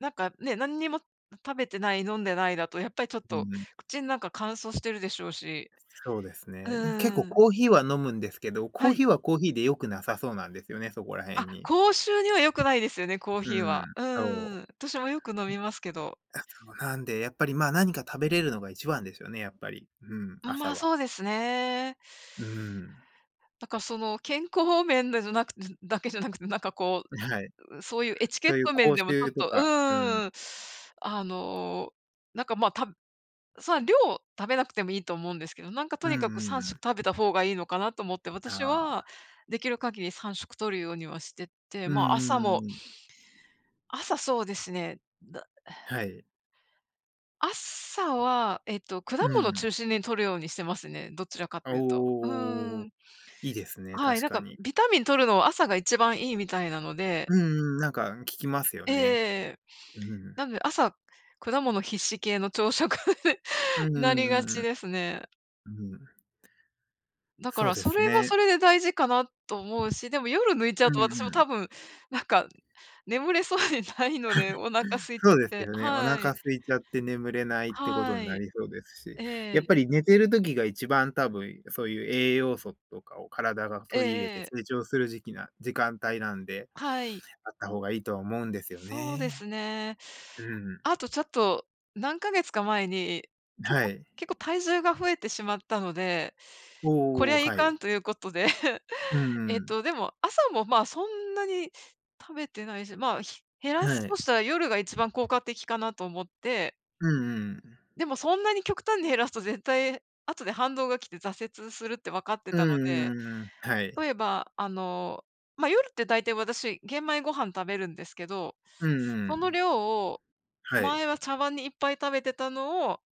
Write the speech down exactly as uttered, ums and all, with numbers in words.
なんか、ね、何にも食べてない、飲んでないだと、やっぱりちょっうとんうん。口ん中乾燥してるでしょうし。そうですうね。うん、結ん構うん。コーヒーは飲むんですけど、コはーい。ヒーはコーヒーで良くなさそうなんですよね、そこら辺あ、に。口臭には良くないですよね、コーうヒーは。ん、うんうんうそん。私もよく飲みますけど。う。あ、そうなんで、やっぱりまあ、何か食べれるのが一番ですよね、やっぱり、うん、うん、ま朝あ、は。そうですね。うん。なんかその健康面でじゃなく、ずだけじゃなくて、なんかこはい。う、う、そういうエチケそッういうト面口でもちょっ臭とと、うか、うん。ーん、あの、なんかまあ、たそんな量食べなくてもいいと思うんですけど、なんかとうんにかくうんさうんしょくん。食べた方がいいのかなと思って、あ私あ。はできる限りさんしょく摂るようにはしてて、うんうまあ、朝んうもんうん。朝、そうですね。だはい。朝は、えっと、果う物ん。中心に摂るようにしてますね、どちらかというと。うおお。ん。いいですね、はい、確なんかかに。ビタミン摂るのは朝が一番いいみたいなので。うんうん、なんか、ん、聞きますよええね。ええ。うなん。んで朝、果物必至系の朝食、うんうなりがんうんうちん。ですね。うん。だかそうら、でそすれはね。それで大事かなと思うし、でも夜抜いちゃううとんう私も多ん。分、なんか、眠れそうにないのでお腹 空いちゃそっうですて。よね。おは腹い。空いちゃって眠れないってことはんない。りそうですし。えやっえ。ぱり寝てる時が、一番多分そういう、栄養素とかを体がえ取り入れええて、え。成長する時期な時間帯なんで、はい。あった方がいいとは思うんですよそうでね。すね。うん。あとちょっと、何ヶ月か前に、結は構い。結構体重が増えてしまったので、こりおお、ゃいはかい。んということで うんえうっん。と、でも朝もまあ、そんなに食べてないし、まあ、ひ減らすはとい。したら夜が一番効果的かなと思って。うんうん。でもそんなに極端に減らすと絶対後で反動が来て挫折するって分かってうんたので。うんうん。は例えい。ば、あの、まあ、夜って大体私、玄米ご飯食べるんですけど、うんうそのん。量を、は前い。は茶碗にいっぱい食べてたのを